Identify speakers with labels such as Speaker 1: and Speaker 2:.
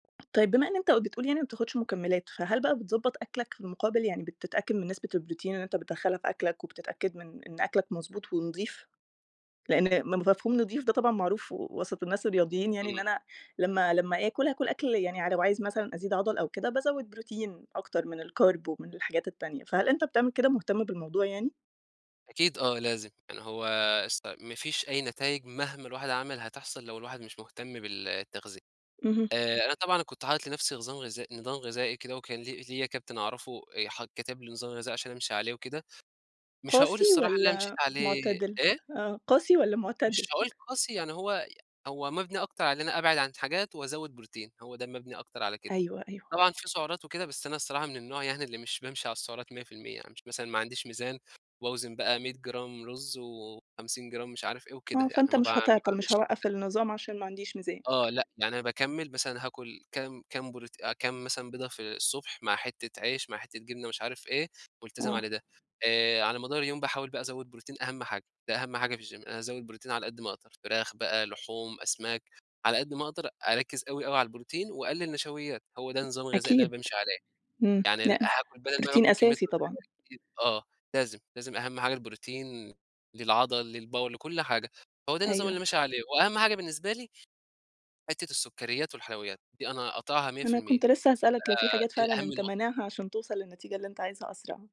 Speaker 1: طيب بما إن أنت بتقول يعني ما بتاخُدش مُكمِّلات، فهل بقى بتضبط أكلك؟ في المقابل يعني بتتأكد من نسبة البروتين اللي أنت بتدخّلها في أكلك، وبتتأكد من إن أكلك مضبوط ونضيف؟ لإن م مفهوم نضيف ده طبعًا معروف وسط الناس الرياضيّين، يعني إن
Speaker 2: إمم.
Speaker 1: أنا لمّا لمّا آكُل هاكُل أكل يعني ع لو عايز مثلًا أزيد عضَل أو كده، بازوِّد بروتين أكتر من الCarb ومن الحاجات التانية، فهل أنت بتعمل كده، مُهتم بالموضوع يعني؟
Speaker 2: أكيد آه، لازم يعني هو اس ما فيش أي نتايج مهما الواحد عمل هتحصل لو الواحد مش مُهتم بالتغذية،
Speaker 1: اهم.
Speaker 2: آآ أنا طبعًا كنت حاطط لنفسي نظام غذائي نظام غذائي كده، وكان لي ليا كابتن أعرفه آآ ح كتب لي نظام غذائي عشان أمشي عليه وكده، مش هاقول
Speaker 1: قاسي
Speaker 2: الصراحة اللي أنا مشيت
Speaker 1: والّا
Speaker 2: عليه
Speaker 1: مُعتدل؟
Speaker 2: إيه؟
Speaker 1: آه، قاسي والّا
Speaker 2: مش
Speaker 1: مُعتدل؟
Speaker 2: هاقول قاسي، يعني هو هو مَبنِي أكتر علي إن أنا أبعد عن حاجات وأزود بروتين، هو ده مَبنِي أكتر على كده،
Speaker 1: أيوه، أيوه.
Speaker 2: طبعًا في سُعرات وكده، بس أنا الصّراحة من النوع يعني اللي مش بامشي على السُّعرات 100% يعني مثلًا ما عنديش ميزان وباوزن بقى 100 جرام رز، و50 جرام مش عارف إيه وكده،
Speaker 1: آه،
Speaker 2: يعني
Speaker 1: فأنت
Speaker 2: ما با ما
Speaker 1: مش هتِعْطّل، مش
Speaker 2: باعملش كده.
Speaker 1: هاوقَّف النِّظام عشان ما عنديش ميزان.
Speaker 2: آه، لأ، يعني أنا باكمل مثلًا هاكُل كام كام بروت كام مثلًا بيضه في الصبح، مع حِتّة عيش، مع حِتّة جبنة مش عارف إيه، مُلتزم علي
Speaker 1: آه.
Speaker 2: ده، آآ على مدار اليوم باحاول بقى أزوّد بروتين أهم حاجة، ده أهم حاجة في الGym أنا أزود بروتين على قد ما أقدر، فراخ بقى لحوم، أسماك، على قد ما أقدر أركز أوي أوي على البروتين، وأقلِّل نشويّات، هو ده النظام الغذائي اللي أنا
Speaker 1: أكيد،
Speaker 2: بامشي عليه،
Speaker 1: إمم
Speaker 2: يعني
Speaker 1: لأ،
Speaker 2: هاكل بدل ما
Speaker 1: البروتين
Speaker 2: باكل كمية
Speaker 1: أساسي طبعًا.
Speaker 2: [unintelligible] آه، لازم، لازم أهم حاجة البروتين للعضل للباور لكل حاجة، هو ده النظام اللي
Speaker 1: أيوه.
Speaker 2: ماشي عليه، وأهم حاجة بالنسبة لي حِتّة السُّكّرِيّات والحلويّات، دي أنا قاطعها مِيَّة في
Speaker 1: أنا
Speaker 2: المِيّة
Speaker 1: كنت لسه هاسألك لو في
Speaker 2: آآ
Speaker 1: حاجات
Speaker 2: دي
Speaker 1: فعلًا
Speaker 2: أهم
Speaker 1: أنت
Speaker 2: نقطة.
Speaker 1: مانعها، عشان تُوصل للنتيجة اللي أنت عايزها أسرع.